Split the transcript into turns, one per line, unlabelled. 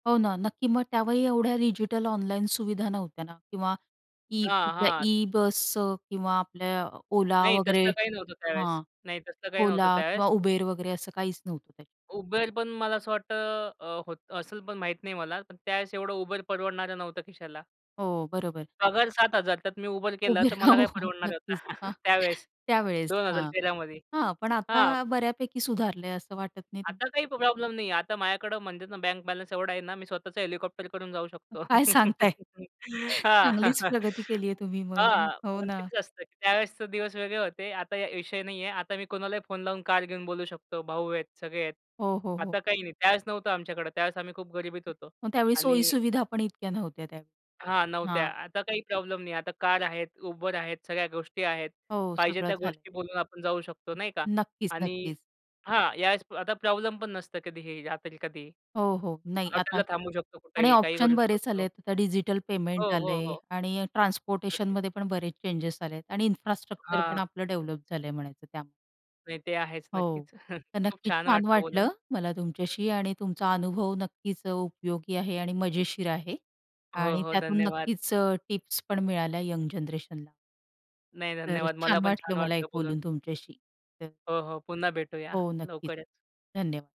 हो, ना. नक्की, मग त्यावेळी एवढ्या डिजिटल ऑनलाईन सुविधा नव्हत्या ना, किंवा ई
हां, हां.
ई बस किंवा आपल्या Ola
नाही
वगैरे
तसलं काही नव्हतं त्यावेळेस
हां,
नाही तसलं काही नव्हतं
Ola
त्यावेळेस.
किंवा Uber वगैरे असं काहीच नव्हतं त्याच्यात.
Uber पण मला असं वाटत अ, होत असेल पण माहित नाही मला. पण त्यावेळेस एवढं Uber परवडणारं नव्हतं खिशाला.
हो, बरोबर.
पगार 7000. त्यात मी Uber केलं
उभी
तर मला
राहू.
काय परवडणार होत?
नक्कीच. हां,
त्यावेळेस,
त्यावेळेस
दोन हजार
हां,
तेरा मध्ये
हां. पण
हां.
आता बऱ्यापैकी सुधारलंय असं वाटत नाही [unintelligible]
आता काही प्रॉब्लेम नाही आहे. आता माझ्याकडे म्हणतात ना बँक बॅलन्स एवढा आहे ना मी स्वतःच हेलिकॉप्टर करून जाऊ शकतो.
काय सांगताय!
हां,
चांगलीच प्रगती केलीये तुम्ही मग
हां.
हो,
पण
ना.
तेच असतं त्यावेळेसचे दिवस वेगळे होते. आता विषय नाहीये. आता मी कोणालाही फोन लावून कार घेऊन बोलवू शकतो. भाऊ आहेत, सगळे आहेत.
हो, हो, हो.
आता काही नाही. त्यावेळेस नव्हतं आमच्याकडे, त्यावेळेस आम्ही खूप गरिबीत होतो
मग त्यावेळी
आणि
सोयी-सुविधा पण इतक्या नव्हत्या
हां,
त्यावेळी.
नव्हत्या.
हां.
आता काही प्रॉब्लेम नाही आहे. आता कार आहेत, Uber आहेत, सगळ्या गोष्टी आहेत.
हो,
पाहिजे
सगळं
त्या
झालंय.
गोष्टी बोलून आपण जाऊ शकतो नाही का
नक्कीच,
आणि
नक्कीच.
हां, या वेळेस आता प्रॉब्लेम पण नसतं कधीही. जातील कधी.
हो, हो. नाही. आता
हॉटेलला थांबू शकतो
आणि
कुठेही, काहीही
ऑप्शन
करू
बरेच
शकतो.
आलेत. आता डिजिटल पेमेंट
हो, हो,
आलंय
हो.
आणि
नक्कीच.
ट्रान्सपोर्टेशनमध्ये पण बरेच चेंजस आलेत आणि इन्फ्रास्ट्रक्चर पण
हां.
आपलं डेव्हलप झालंय म्हणायचं त्यामुळे.
नाही ते आहेच.
हो.
नक्कीच
तर
खूप
नक्कीच
छान
छान
वाटलं
वाटलं,
बोलून.
मला तुमच्याशी आणि तुमचा अनुभव नक्कीच उपयोगी आहे आणि मजेशीर आहे
हो,
आणि
हो.
त्यातून
धन्यवाद.
नक्कीच अ, टिप्स पण मिळाल्या यंग जनरेशनला.
नाही,
तर
धन्यवाद. मला
छान
पण
वाटलं
छान
मला
वाटलं
एक
बोलून.
बोलून तुमच्याशी. तर
हो, हो. पुन्हा भेटूया
हो, नक्कीच.
लवकरच.
धन्यवाद.